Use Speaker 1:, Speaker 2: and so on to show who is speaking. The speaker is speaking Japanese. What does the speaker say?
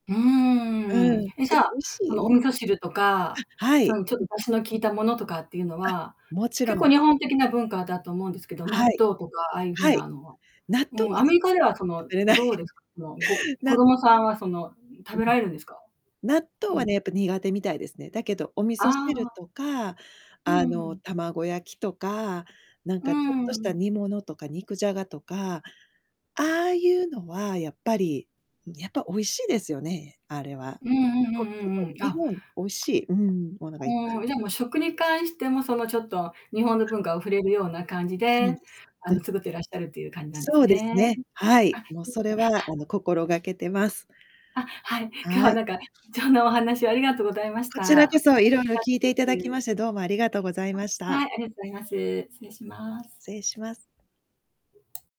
Speaker 1: うー
Speaker 2: う
Speaker 1: ん。
Speaker 2: ん、だ
Speaker 1: え、じ
Speaker 2: っ
Speaker 1: ゃ、
Speaker 2: て美
Speaker 1: あ
Speaker 2: 味しい
Speaker 1: の、
Speaker 2: よ。
Speaker 1: お味噌汁とか、
Speaker 2: あ、は
Speaker 1: そ
Speaker 2: い。
Speaker 1: の、ちょっ
Speaker 2: う
Speaker 1: と
Speaker 2: ん。
Speaker 1: 出汁の効いたものとかっていうの
Speaker 2: あ、
Speaker 1: は、
Speaker 2: もちろ
Speaker 1: 結
Speaker 2: ん。
Speaker 1: 構日本的な文化だと思うんですけど、納
Speaker 2: は
Speaker 1: 豆
Speaker 2: い。
Speaker 1: とかああいう風
Speaker 2: はい。
Speaker 1: なのは
Speaker 2: 納豆
Speaker 1: うん、
Speaker 2: は
Speaker 1: ア
Speaker 2: ね、
Speaker 1: メリカではその、
Speaker 2: 食べれな
Speaker 1: どう
Speaker 2: い。
Speaker 1: ですか？その、ご子
Speaker 2: な
Speaker 1: 供さんはその、食
Speaker 2: うん。
Speaker 1: べられるんですか？
Speaker 2: 納豆
Speaker 1: う
Speaker 2: は
Speaker 1: ん。
Speaker 2: ね、やっぱ苦手みたいですね。だけど、お味
Speaker 1: あ
Speaker 2: 噌汁
Speaker 1: あ。
Speaker 2: とか、
Speaker 1: う
Speaker 2: あの、
Speaker 1: ん。
Speaker 2: 卵焼きとか、なん
Speaker 1: うー
Speaker 2: かちょっとした
Speaker 1: ん。
Speaker 2: 煮物とか肉じゃがとか、ああい
Speaker 1: うん。
Speaker 2: うのはやっぱり、やっぱ美味しいですよね、あれは。
Speaker 1: うんうん
Speaker 2: こっ
Speaker 1: うん
Speaker 2: ち
Speaker 1: う
Speaker 2: ほえ。
Speaker 1: んうん。
Speaker 2: 日
Speaker 1: あ。
Speaker 2: 本美味しい、うん、ものがい
Speaker 1: こん、じゃ、もう
Speaker 2: [unintelligible]
Speaker 1: 食に関してもその、ちょっと日本の
Speaker 2: あ。
Speaker 1: 文化を触れるような感じ
Speaker 2: そう
Speaker 1: で、
Speaker 2: です。う
Speaker 1: あ
Speaker 2: ん。
Speaker 1: の、作ってらっしゃるっていう感じなんで
Speaker 2: そ
Speaker 1: す
Speaker 2: うです
Speaker 1: ね。
Speaker 2: ね、はい、
Speaker 1: あ。
Speaker 2: もうそれはあ
Speaker 1: [unintelligible]
Speaker 2: の、心がけてます。
Speaker 1: あ、はい。今日
Speaker 2: は
Speaker 1: は
Speaker 2: い。
Speaker 1: なんか、貴重なお話をありがとうございまし
Speaker 2: こちら
Speaker 1: た。楽
Speaker 2: こそ、い
Speaker 1: し
Speaker 2: ろいろ
Speaker 1: かっ
Speaker 2: 聞いていた
Speaker 1: た
Speaker 2: だ
Speaker 1: で
Speaker 2: き
Speaker 1: す。
Speaker 2: まして、どうもありがとうござい
Speaker 1: あ、
Speaker 2: ました。
Speaker 1: はい、ありがとうざいます。失礼します。
Speaker 2: せいします。